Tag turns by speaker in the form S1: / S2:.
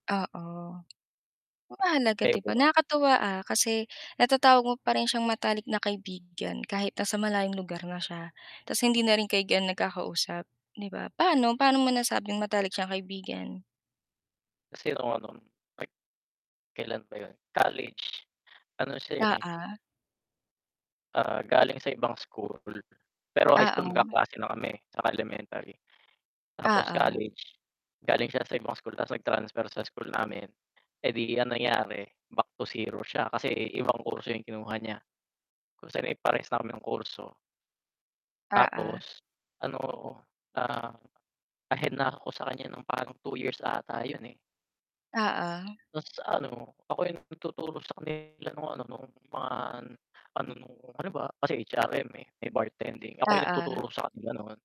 S1: Oo. Ang mahalaga
S2: Kayo
S1: 'di
S2: pa
S1: ba,
S2: ba?
S1: nakakatuwa, ah, kasi
S2: Mm.
S1: natatawag mo pa rin siyang matalik na kaibigan kahit nasa malayong lugar na siya, ta's hindi na rin kayo ganong nagkakausap, 'di ba? Pa'no, pa'no mo nasabing matalik siyang kaibigan?
S2: Kasi ako nun, like, kailan ba 'yun, college, ano siya, eh
S1: Oo.
S2: ah, galing sa ibang school, pero high school
S1: Oo.
S2: magkaklase na kami, saka elementary. Tapos
S1: Oo.
S2: college, galing siya sa ibang school tapos nag-transfer sa school namin, eh, di ang nangyari back to zero siya kasi ibang kurso 'yung kinuha niya, kung saan, eh, parehas na kami ng kurso.
S1: Oo.
S2: Tapos, ano, ah, ahead na ako sa kanya nang parang 2 years ata 'yun, eh.
S1: Oo.
S2: Ta's ano, ako 'yung nagtuturo sa kanila nung ano, nung mga, ano nung ano ba, kasi HRM, eh, may bartending, ako 'yung
S1: Oo.
S2: nagtuturo sa kanila noon.